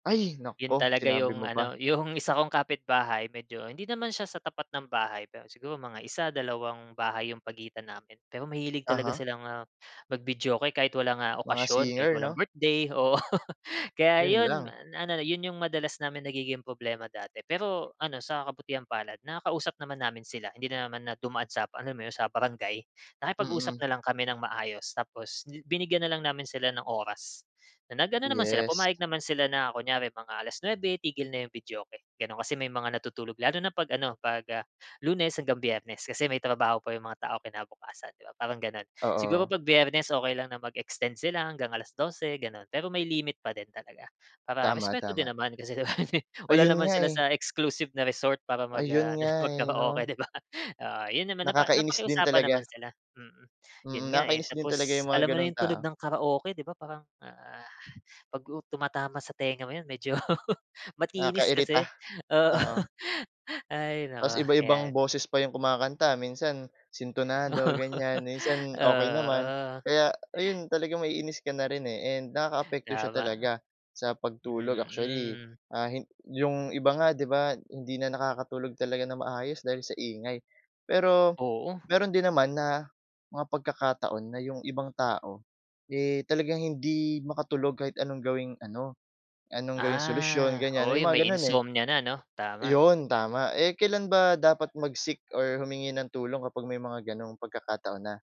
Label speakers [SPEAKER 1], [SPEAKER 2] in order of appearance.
[SPEAKER 1] Ay,
[SPEAKER 2] ‘Yon
[SPEAKER 1] naku!
[SPEAKER 2] talaga
[SPEAKER 1] Sinabi
[SPEAKER 2] yung
[SPEAKER 1] mo pa.
[SPEAKER 2] ano, yung isa kong kapitbahay medyo hindi naman siya sa tapat ng bahay, pero siguro mga isa, dalawang bahay yung pagitan namin. Pero mahilig talaga
[SPEAKER 1] Aha.
[SPEAKER 2] silang, ah, mag-videoke kahit walang, ah,
[SPEAKER 1] Mga
[SPEAKER 2] okasyon kahit
[SPEAKER 1] singer,
[SPEAKER 2] walang
[SPEAKER 1] 'no?
[SPEAKER 2] birthday, oo. Kaya
[SPEAKER 1] Yun
[SPEAKER 2] 'yon
[SPEAKER 1] lang.
[SPEAKER 2] na na 'yon yung madalas namin nagiging problema dati. Pero ano sa kabutihang-palad nakakausap naman namin sila, hindi na naman na dumaan sa, alam mo yun, sa barangay. Nakipag-usap
[SPEAKER 1] Mm.
[SPEAKER 2] na lang kami ng maayos tapos bi binigyan na lang namin sila ng oras, na nag-ano naman sila,
[SPEAKER 1] Yes.
[SPEAKER 2] pumayag naman sila na, kunyari mga alas nuebe, tigil na yung videoke, gano'n. Kasi may mga natutulog, lalo na 'pag-ano, 'pag, ah, Lunes hanggang Biyernes. Kasi may trabaho pa yung mga taong kinabukasan, 'di ba, parang gano'n. Siguro
[SPEAKER 1] Oo.
[SPEAKER 2] 'pag Biyernes okey lang na mag-extend sila hanggang alas dose, gano'n. Pero may limit pa din talaga, para respeto din
[SPEAKER 1] Tama-tama.
[SPEAKER 2] naman kasi di ba, wala
[SPEAKER 1] Ayun
[SPEAKER 2] naman
[SPEAKER 1] nga
[SPEAKER 2] sila
[SPEAKER 1] eh.
[SPEAKER 2] sa exclusive na resort para mag ah
[SPEAKER 1] Ayun nga eh,
[SPEAKER 2] mag-karaoke,
[SPEAKER 1] 'no?
[SPEAKER 2] di ba? Oo, 'yon naman napa
[SPEAKER 1] Nakakainis din
[SPEAKER 2] napakiusapan
[SPEAKER 1] talaga.
[SPEAKER 2] naman sila, mm. 'Yon
[SPEAKER 1] Mm,
[SPEAKER 2] nga eh,
[SPEAKER 1] nakakainis din talaga
[SPEAKER 2] tapos
[SPEAKER 1] yung mga
[SPEAKER 2] alam mo na
[SPEAKER 1] gano'ng
[SPEAKER 2] yung
[SPEAKER 1] tao.
[SPEAKER 2] tunog ng karaoke, di ba parang, ah, 'pag u tumatama sa tenga mo 'yon medyo matinis
[SPEAKER 1] Nakakairita.
[SPEAKER 2] kasi. Oo.
[SPEAKER 1] Oo.
[SPEAKER 2] Ay
[SPEAKER 1] Tapos
[SPEAKER 2] naku,
[SPEAKER 1] iba-ibang
[SPEAKER 2] yan.
[SPEAKER 1] boses pa yung kumakanta, minsan sintunado, ganyan, minsan okey naman.
[SPEAKER 2] Oo.
[SPEAKER 1] Kaya ayun, talagang maiinis ka na rin eh, and nakakaapekto siya
[SPEAKER 2] Tama.
[SPEAKER 1] talaga sa pagtulog. Actually,
[SPEAKER 2] Mm.
[SPEAKER 1] ah, hin yung iba nga, 'di ba, hindi na nakakatulog talaga nang maayos dahil sa ingay. Pero
[SPEAKER 2] Oo.
[SPEAKER 1] meron din naman na mga pagkakataon na yung ibang tao, eh, talagang hindi makatulog kahit anong gawing ano anong gawing solusyon,
[SPEAKER 2] Ah,
[SPEAKER 1] ganyan.
[SPEAKER 2] oo.
[SPEAKER 1] May
[SPEAKER 2] Yung may
[SPEAKER 1] mga gano'n eh.
[SPEAKER 2] insomnia na, 'no? Tama.
[SPEAKER 1] 'Yon tama. Eh, kailan ba dapat mag-seek or humingi ng tulong kapag may mga gano'ng pagkakataon na?